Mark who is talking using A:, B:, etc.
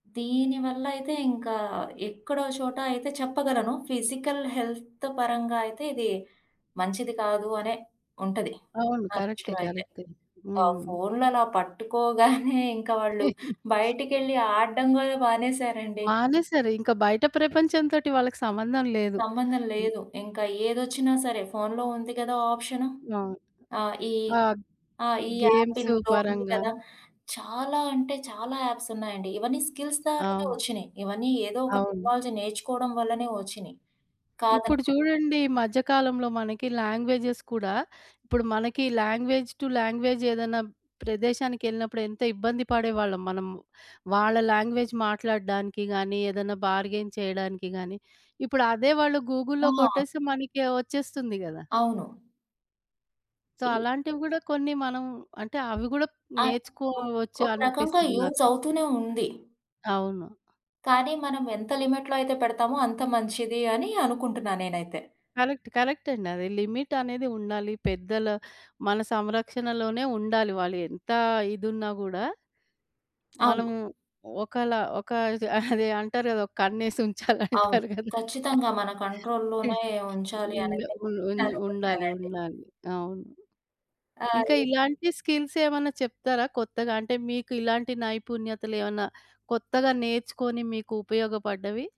A: దీనివల్లయితే ఇంకా ఎక్కడో ఓ చోట అయితే చెప్పగలను, ఫిజికల్ హెల్త్ పరంగా అయితే ఇది మంచిది కాదు అనే ఉంటది.
B: అవును.
A: నా
B: కరెక్టే
A: దృష్టిలో అయితే.
B: కరెక్టే.
A: ఆ
B: హ్మ్.
A: ఫోన్లలా పట్టుకోగానే ఇంకా వాళ్ళు బయటికెళ్ళి ఆడ్డం గూడా మానేశారండి.
B: మానేసారు. ఇంక బయట ప్రపంచం తోటి వాళ్ళకి సంబంధం లేదు.
A: సంబంధం
B: హ్మ్.
A: లేదు. ఇంకా ఏదొచ్చినా సరే ఫోనులో ఉంది గదా! ఆప్షను.
B: అవును.
A: ఆ ఈ
B: ఆ!
A: ఆ ఈ యాప్
B: గేమ్స్
A: ఇందులో ఉంది
B: పరంగా
A: గదా! చాలా అంటే చాలా యాప్స్ ఉన్నాయండి. ఇవన్నీ స్కిల్స్ ద్వారానే
B: అవును.
A: ఒచ్చినయి. ఇవన్నీ ఏదో ఒక
B: అవును.
A: టెక్నాలజీ నేర్చుకోవడం వల్లనే ఒచ్చినియి.
B: ఇప్పుడు
A: కాదనుకో
B: చూడండి ఈ మధ్య కాలంలో మనకి లాంగ్వేజెస్ కూడా, ఇప్పుడు మనకి లాంగ్వేజ్ టు లాంగ్వేజ్ ఏదన్నా ప్రదేశానికెళ్ళినప్పుడు ఎంత ఇబ్బంది పడేవాళ్ళం మనము. వాళ్ళ లాంగ్వేజ్ మాట్లాడ్డానికి గాని, ఏదన్నా బార్‌గైన్ చేయడానికి గాని, ఇప్పుడు అదే వాళ్ళు గూగుల్లో
A: ఆ!
B: కొట్టేస్తే మనకి వచ్చేస్తుంది గదా!
A: అవును.
B: సో,
A: ఈ
B: అలాంటివిగూడా కొన్ని మనం అంటే అవి గూడా
A: ఆ! ఒక్
B: నేర్చుకోవచ్చు
A: ఒక రకంగా
B: అనిపిస్తుంది
A: యూజ్
B: నాకు.
A: అవుతూనే ఉంది.
B: అవును.
A: కానీ మనం ఎంత లిమిట్‌లో అయితే పెడతామో అంత మంచిది. అని అనుకుంటున్నా నేనైతే.
B: కరెక్ట్ కరెక్టండి. అది లిమిట్ అనేది ఉండాలి. పెద్దల మన సంరక్షణలోనే ఉండాలి వాళ్ళు ఎంత ఇదున్నా గూడా
A: అవును.
B: మనము ఒకలా ఒక అదే, అంటారు గదా! ఒక కన్నేసి ఉంచాలి
A: అవును.
B: అంటారు గదా!
A: ఖచ్చితంగా మన కంట్రోల్‌లోనే ఉంచాలి
B: హ్మ్.
A: అనైతే
B: ఉన్ ఉన్
A: నేను
B: ఉండాలి
A: అనుకుంటానండి.
B: ఉండాలి. అవును.
A: ఆ!
B: ఇంకా
A: ఈ
B: ఇలాంటి స్కిల్సేమన్నా చెప్తారా? కొత్తగా అంటే మీకు ఇలాంటి నైపుణ్యతలేవన్నా కొత్తగా నేర్చుకొని మీకు ఉపయోగపడ్డవి?